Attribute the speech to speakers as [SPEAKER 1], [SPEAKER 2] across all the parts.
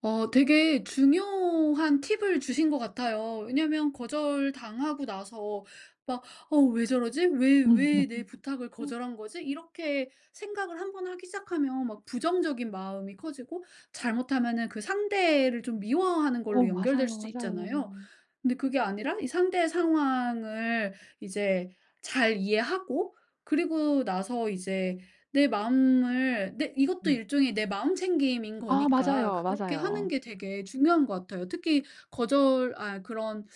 [SPEAKER 1] 어. 되게 중요한 팁을 주신 것 같아요. 왜냐면 거절당하고 나서 막 '어 왜 저러지? 왜
[SPEAKER 2] 음음음.
[SPEAKER 1] 왜 내 부탁을 거절한 거지?' 이렇게 생각을 한번 하기 시작하면 막 부정적인 마음이 커지고 잘못하면은 그 상대를 좀 미워하는
[SPEAKER 2] 어
[SPEAKER 1] 걸로 연결될
[SPEAKER 2] 맞아요,
[SPEAKER 1] 수도
[SPEAKER 2] 맞아요.
[SPEAKER 1] 있잖아요. 근데 그게 아니라 이 상대의 상황을 이제 잘 이해하고 그리고 나서 이제 내 마음을 내 이것도
[SPEAKER 2] 음.
[SPEAKER 1] 일종의 내 마음챙김인
[SPEAKER 2] 아
[SPEAKER 1] 거니까
[SPEAKER 2] 맞아요,
[SPEAKER 1] 그렇게 하는
[SPEAKER 2] 맞아요.
[SPEAKER 1] 게 되게 중요한 것 같아요. 특히 거절 아 그런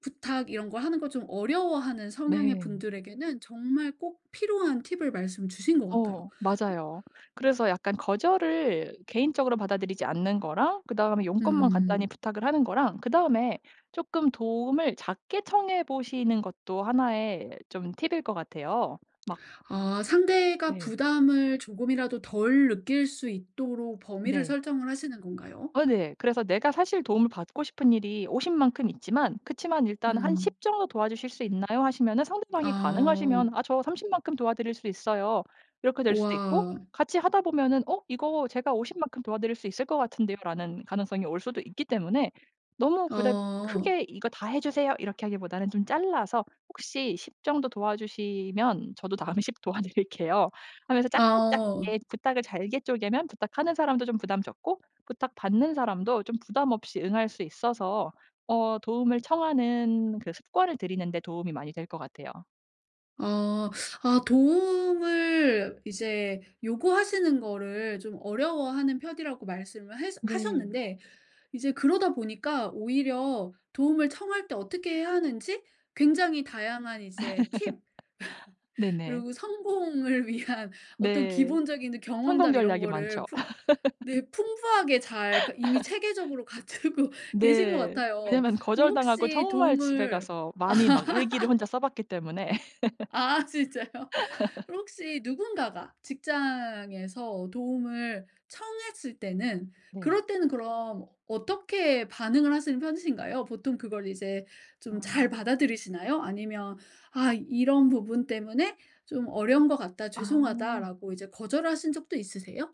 [SPEAKER 1] 부탁 이런 거 하는 거 좀 어려워하는 성향의
[SPEAKER 2] 네.
[SPEAKER 1] 분들에게는 정말 꼭 필요한 팁을 말씀 주신 것 같아요.
[SPEAKER 2] 어 맞아요. 그래서 약간 거절을 개인적으로 받아들이지 않는 거랑 그다음에 용건만 간단히
[SPEAKER 1] 음.
[SPEAKER 2] 부탁을 하는 거랑 그다음에 쪼끔 도움을 작게 청해보시는 것도 하나의 좀 팁일 것 같아요. 막
[SPEAKER 1] 아. 상대가
[SPEAKER 2] 네.
[SPEAKER 1] 부담을 조금이라도 덜 느낄 수 있도록 범위를
[SPEAKER 2] 네.
[SPEAKER 1] 설정을 하시는 건가요?
[SPEAKER 2] 아 네. 그래서 내가 사실 도움을 받고 싶은 일이 50 만큼 있지만 그치만 일단 한
[SPEAKER 1] 음.
[SPEAKER 2] "10 정도 도와주실 수 있나요?" 하시면은 상대방이
[SPEAKER 1] 아
[SPEAKER 2] 가능하시면
[SPEAKER 1] 음.
[SPEAKER 2] "아 저 30 만큼 도와드릴 수 있어요." 이렇게 될 수도 있고.
[SPEAKER 1] 우와.
[SPEAKER 2] 같이 하다 보면은 "어 이거 제가 50 만큼 도와드릴 수 있을 것 같은데요."라는 가능성이 올 수도 있기 때문에 너무 그닥
[SPEAKER 1] 어.
[SPEAKER 2] 크게 "이거 다 해주세요." 이렇게 하기보다는 좀 잘라서 "혹시 10 정도 도와주시면 저도 다음에 10 도와드릴게요." 하면서 작게
[SPEAKER 1] 어.
[SPEAKER 2] 작게 부탁을 잘게 쪼개면 부탁하는 사람도 좀 부담 적고 부탁 받는 사람도 좀 부담 없이 응할 수 있어서 어 도움을 청하는 그 습관을 들이는 데 도움이 많이 될 것 같아요.
[SPEAKER 1] 어. 아 도움을 이제 요구하시는 거를 좀 어려워하는 편이라고 말씀을 해서
[SPEAKER 2] 네.
[SPEAKER 1] 하셨는데 이제 그러다 보니까 오히려 도움을 청할 때 어떻게 해야 하는지 굉장히 다양한 이제 팁
[SPEAKER 2] 네네.
[SPEAKER 1] 그리고 성공을 위한 어떤
[SPEAKER 2] 네.
[SPEAKER 1] 기본적인
[SPEAKER 2] 성공
[SPEAKER 1] 경험담 이런
[SPEAKER 2] 전략이
[SPEAKER 1] 거를
[SPEAKER 2] 많죠.
[SPEAKER 1] 풍 네 풍부하게 잘 그니까 이미 체계적으로 갖추고 계신 것
[SPEAKER 2] 네.
[SPEAKER 1] 같아요.
[SPEAKER 2] 왜냐면 거절당하고
[SPEAKER 1] 혹시
[SPEAKER 2] 정말 집에
[SPEAKER 1] 도움을
[SPEAKER 2] 가서 많이 막 일기를 혼자 써봤기 때문에
[SPEAKER 1] 아 진짜요. 그럼 혹시 누군가가 직장에서 도움을 청했을 때는
[SPEAKER 2] 네.
[SPEAKER 1] 그럴 때는 그럼 어떻게 반응을 하시는 편이신가요? 보통 그걸 이제 좀 잘
[SPEAKER 2] 아.
[SPEAKER 1] 받아들이시나요? 아니면 '아 이런 부분 때문에 좀 어려운 것 같다
[SPEAKER 2] 아.
[SPEAKER 1] 죄송하다.'라고 이제 거절하신 적도 있으세요?